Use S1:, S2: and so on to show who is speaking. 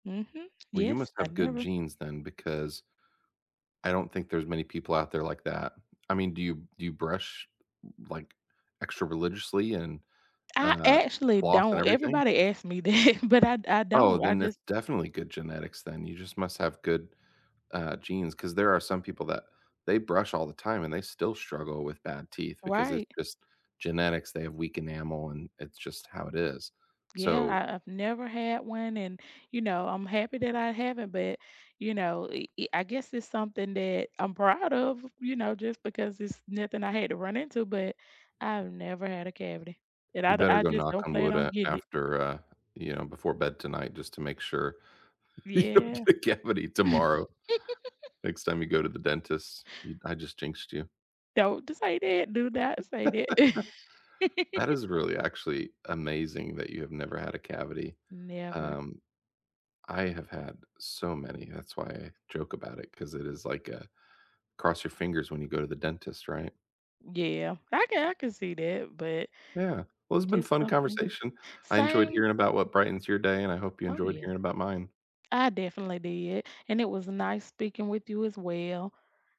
S1: Mhm.
S2: Well, you
S1: Yes,
S2: must
S1: I
S2: have good
S1: never.
S2: genes then because I don't think there's many people out there like that. I mean, do you do you brush, like, extra religiously and,
S1: I
S2: uh,
S1: actually
S2: floss and
S1: don't.
S2: everything?
S1: Everybody asks me that, but I I
S2: Oh,
S1: don't. I
S2: then it's
S1: just
S2: definitely good genetics then. You just must have good, uh, genes 'cause there are some people that they brush all the time and they still struggle with bad teeth because it's
S1: Right.
S2: just genetics. They have weak enamel and it's just how it is,
S1: Yeah,
S2: so
S1: I I've never had one and, you know, I'm happy that I haven't, but, you know, i i I guess it's something that I'm proud of, you know, just because it's nothing I had to run into, but I've never had a cavity, and
S2: You
S1: I d
S2: better
S1: I
S2: go
S1: just
S2: knock
S1: don't
S2: on
S1: plan
S2: wood,
S1: on
S2: uh,
S1: getting it.
S2: after, uh you know, before bed tonight just to make sure you don't
S1: Yeah.
S2: get a cavity tomorrow. Next time you go to the dentist, you I just jinxed you.
S1: Don't d say that. Do not say that.
S2: That is really actually amazing that you have never had a cavity,
S1: Never.
S2: um, I have had so many. That's why I joke about it 'cause it is like a cross your fingers when you go to the dentist, right?
S1: Yeah. I can I can see that, but
S2: Yeah. Well, it's been
S1: just
S2: fun
S1: something
S2: conversation. I enjoyed
S1: Same
S2: hearing about what brightens your day, and I hope you
S1: Oh,
S2: enjoyed
S1: yeah.
S2: hearing about mine.
S1: I definitely did, and it was nice speaking with you as well.